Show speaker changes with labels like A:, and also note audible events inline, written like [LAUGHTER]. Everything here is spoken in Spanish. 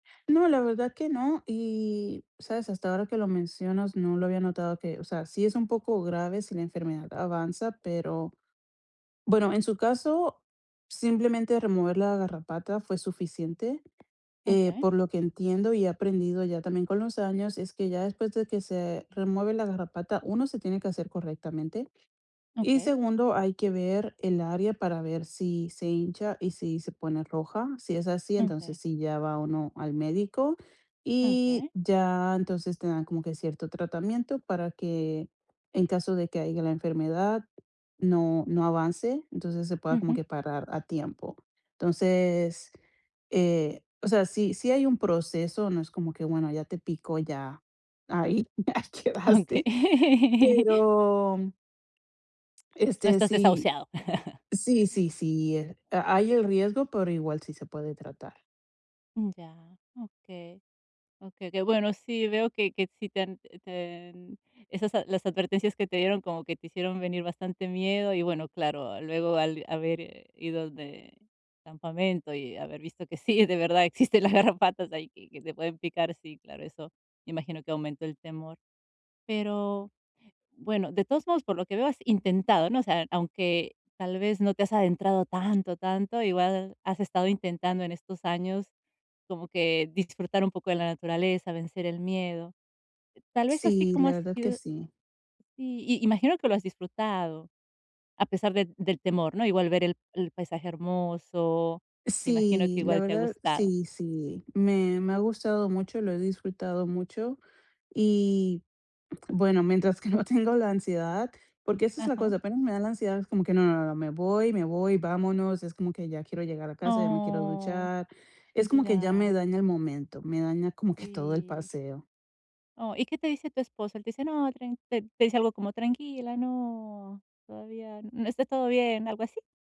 A: No, la verdad que no. Y, ¿sabes? Hasta ahora que lo mencionas, no, lo había notado, que, o sea, sí es un poco grave si la enfermedad avanza pero bueno, en su caso, simplemente remover la garrapata fue suficiente, eh,
B: Okey.
A: por lo que entiendo y he aprendido ya también con los años, es que ya después, de que se remueve la garrapata, uno, se tiene que asear correctamente, y
B: Okey.
A: segundo, hay que ver el área, para ver si se hincha y si se pone roja. Si es así, entonces,
B: Okey.
A: sí, ya va uno al médico, y
B: Okey.
A: ya, entonces, te dan como que cierto tratamiento, para que, en caso de que haya, la enfermedad, no no avance, entonces, se pueda como
B: Ujú.
A: que parar a tiempo. Entonces, eh o sea, sí sí hay un proceso, no es como que, bueno, ya te picó, ya ahí, ya
B: Okey.
A: quedaste, pero
B: No
A: este,
B: estás
A: sí.
B: desahuciado. [LAUGHS]
A: Sí, sí, sí, eh, ha hay el riesgo, pero igual sí se puede tratar.
B: Mm, ya. Okey. Okey, qué bueno. Sí, veo, que que sí te han eh, te en esas las advertencias que te dieron, como que te hicieron venir bastante miedo y bueno, claro, luego al haber ido de campamento y haber visto que sí, de verdad, existen las garrapatas, ahí, que que te pueden picar, sí, claro, eso imagino, que aumentó el temor. Pero bueno, de todos modos por lo que veo, has intentado, ¿no? O sea, aunque tal vez no te has adentrado tanto, tanto, igual has estado intentando en estos años, como que disfrutar un poco de la naturaleza, vencer el miedo. Tal vez, así
A: Sí,
B: como
A: la
B: ha
A: verdad que
B: sido
A: sí.
B: sí, imagino que lo has disfrutado, a pesar del del temor, ¿no? Igual ver el el paisaje hermoso, imagino que
A: Sí, la
B: igual te ha
A: verdad
B: gustado.
A: sí, sí. Me me ha gustado mucho, lo he disfrutado mucho. Y, bueno, mientras que no tengo la ansiedad, porque, esa es la
B: Ajá.
A: cosa, apenas me da la ansiedad, es como que no no no me voy me voy, vámonos, es como que ya quiero llegar a casa, ya me quiero
B: ¡Oh!
A: duchar, es como que ya me
B: Ya.
A: daña el momento, me daña como que todo, el
B: Sí
A: paseo.
B: Oh, ¿y qué te dice tu esposo? Él te dice: "No, tran ¿Te te dice algo? Como, tranquila, no, todavía, no está todo bien, ¿algo así?